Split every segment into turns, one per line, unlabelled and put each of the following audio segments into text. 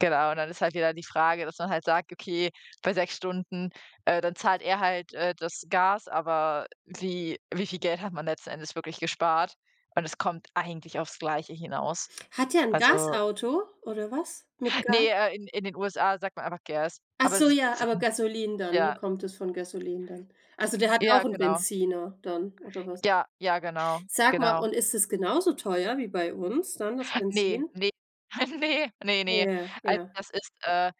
Genau, und dann ist halt wieder die Frage, dass man halt sagt: „Okay, bei 6 Stunden, äh, dann zahlt er halt, äh, das Gas“, aber wie wie viel Geld hat man letzten Endes wirklich gespart und es kommt eigentlich aufs Gleiche hinaus.
Hat der 'n
Also
Gasauto oder was? Mit
Ne,
Gas?
äh, in in den USA sagt man einfach Gas,
Ach
aber es
so
ist
ja, aber
Benzin.
Gasoline dann ne,
Ja.
kommt es von Gasoline dann? Also, der hat auch
Ja,
'n
genau.
Benziner dann oder was?
Ja, ja, genau.
Sag mal,
Genau.
und ist es genauso teuer wie bei uns dann, das
Ne,
Benzin?
ne. Ne, ne ne.
Ja,
Also,
ja.
das ist äh,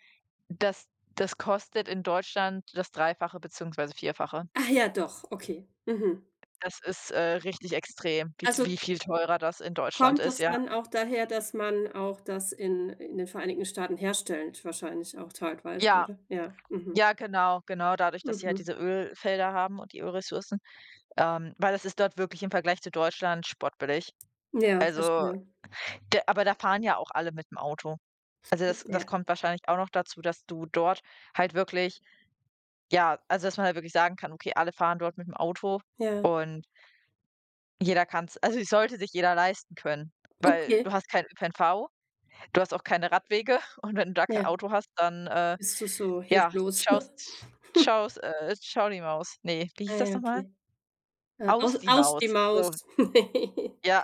das das kostet in Deutschland das Dreifache beziehungsweise Vierfache.
Ach ja, doch, okay. Mhm.
Das ist, äh, richtig extrem, wie t
Also
wie viel teurer das in Deutschland
kommt
ist,
das
ja.
dann auch daher, dass man auch das in in den Vereinigten Staaten herstellt wahrscheinlich auch teilweise,
Ja.
oder? Ja, mhm.
Ja, genau, genau, dadurch, dass sie halt
Mhm.
diese Ölfelder haben und die Ölressourcen, ähm, weil das ist dort wirklich im Vergleich zu Deutschland spottbillig.
Ja,
Also,
verstehe.
g aber da fahren ja auch alle mit'm Auto. Also, das das
Ja.
kommt wahrscheinlich auch noch dazu, dass du dort halt wirklich ja, also, dass man halt wirklich sagen kann: „Okay, alle fahren dort mit'm Auto“,
Ja.
und jeder kann's also, es sollte sich jeder leisten können, weil
Okay.
du hast kein kein ÖPNV, du hast auch keine Radwege und wenn du da kein
Ja.
Auto hast, dann, äh,
Bist du so
ja,
hilflos.
schaust schaus äh, „tschau die Maus“ ne, wie
Ah,
hieß das
ja,
noch mal?
okay. Äh, au
„Aus die
aus
Maus.“
die
So.
Maus.
Ja.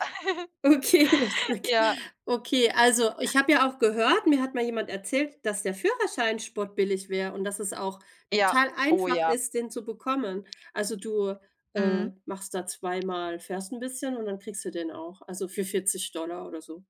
Okay, lustig.
Ja.
Okay, also, ich habe ja auch gehört mir hat mal jemand erzählt, dass der Führerschein spottbillig wäre und dass es auch
Ja.
total
Oh,
einfach
ja.
ist, den zu bekommen. Also, du, äh,
Mhm.
machst da zweimal fährst 'n bisschen und dann kriegst du den auch, also, für 40 $ oder so.